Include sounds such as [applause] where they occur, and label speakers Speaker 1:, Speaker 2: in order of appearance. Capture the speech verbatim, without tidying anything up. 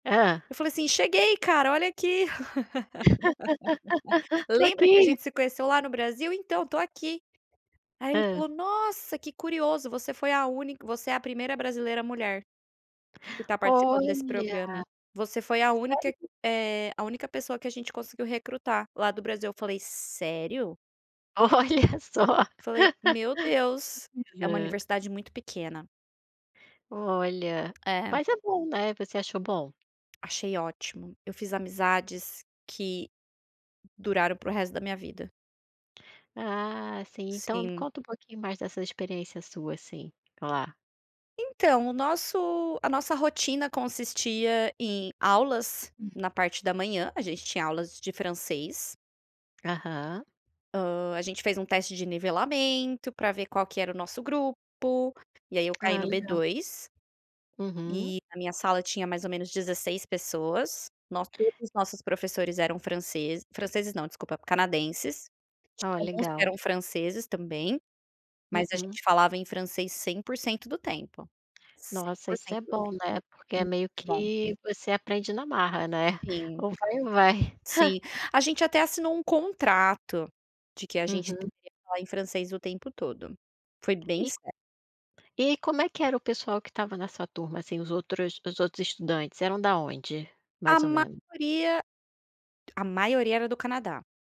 Speaker 1: Hã?
Speaker 2: Eu falei assim: "Cheguei, cara, olha aqui. [laughs]
Speaker 1: [laughs] Tô
Speaker 2: Lembra que a
Speaker 1: aqui.
Speaker 2: gente se conheceu lá no Brasil? Então, tô aqui". Aí, ele
Speaker 1: Hã?
Speaker 2: falou: "Nossa, que curioso, você foi a única você é a primeira brasileira mulher que tá participando desse programa.
Speaker 1: Olha.
Speaker 2: Você foi a
Speaker 1: Isso
Speaker 2: única
Speaker 1: ai.
Speaker 2: eh, a única pessoa que a gente conseguiu recrutar lá do Brasil". Eu falei: "Sério?".
Speaker 1: Olha só.
Speaker 2: Falei: "Meu Deus,
Speaker 1: [laughs]
Speaker 2: é uma
Speaker 1: Hã.
Speaker 2: universidade muito pequena".
Speaker 1: Olha,
Speaker 2: É.
Speaker 1: mas é bom, né? Você achou bom?
Speaker 2: Achei ótimo. Eu fiz amizades que duraram pro resto da minha vida.
Speaker 1: Ah sim, então
Speaker 2: Sim.
Speaker 1: conta me um pouquinho mais dessa experiência sua assim, lá.
Speaker 2: Então, o nosso a nossa rotina consistia em aulas
Speaker 1: Hum.
Speaker 2: na parte da manhã. A gente tinha aulas de francês.
Speaker 1: Aham.
Speaker 2: Hã. A gente fez um teste de nivelamento para ver qual que era o nosso grupo, e aí, eu caí
Speaker 1: Ah
Speaker 2: no
Speaker 1: legal.
Speaker 2: B2.
Speaker 1: Uhum.
Speaker 2: E a minha sala tinha mais ou menos dezesseis pessoas. Nós todos os nossos professores eram francês franceses não, desculpa, canadenses. Tinha
Speaker 1: Ó,
Speaker 2: alguns que
Speaker 1: legal.
Speaker 2: eram franceses também, mas a
Speaker 1: Uhum.
Speaker 2: gente falava em francês cem por cento do tempo. cem
Speaker 1: Nossa,
Speaker 2: por
Speaker 1: isso
Speaker 2: cento
Speaker 1: é
Speaker 2: do tempo.
Speaker 1: bom, né, porque é meio
Speaker 2: Muito bom.
Speaker 1: que você aprende na marra, né?
Speaker 2: Sim.
Speaker 1: Ou vai ou vai.
Speaker 2: Sim.
Speaker 1: [chuckles]
Speaker 2: A gente até assinou um contrato de que a gente
Speaker 1: Uhum.
Speaker 2: deveria falar em francês o tempo todo. Foi bem
Speaker 1: E
Speaker 2: sério.
Speaker 1: E como é que era o pessoal que estava na sua turma, assim, os outros os outros estudantes eram da onde?
Speaker 2: A
Speaker 1: Mais ou menos.
Speaker 2: maioria a maioria era do Canadá.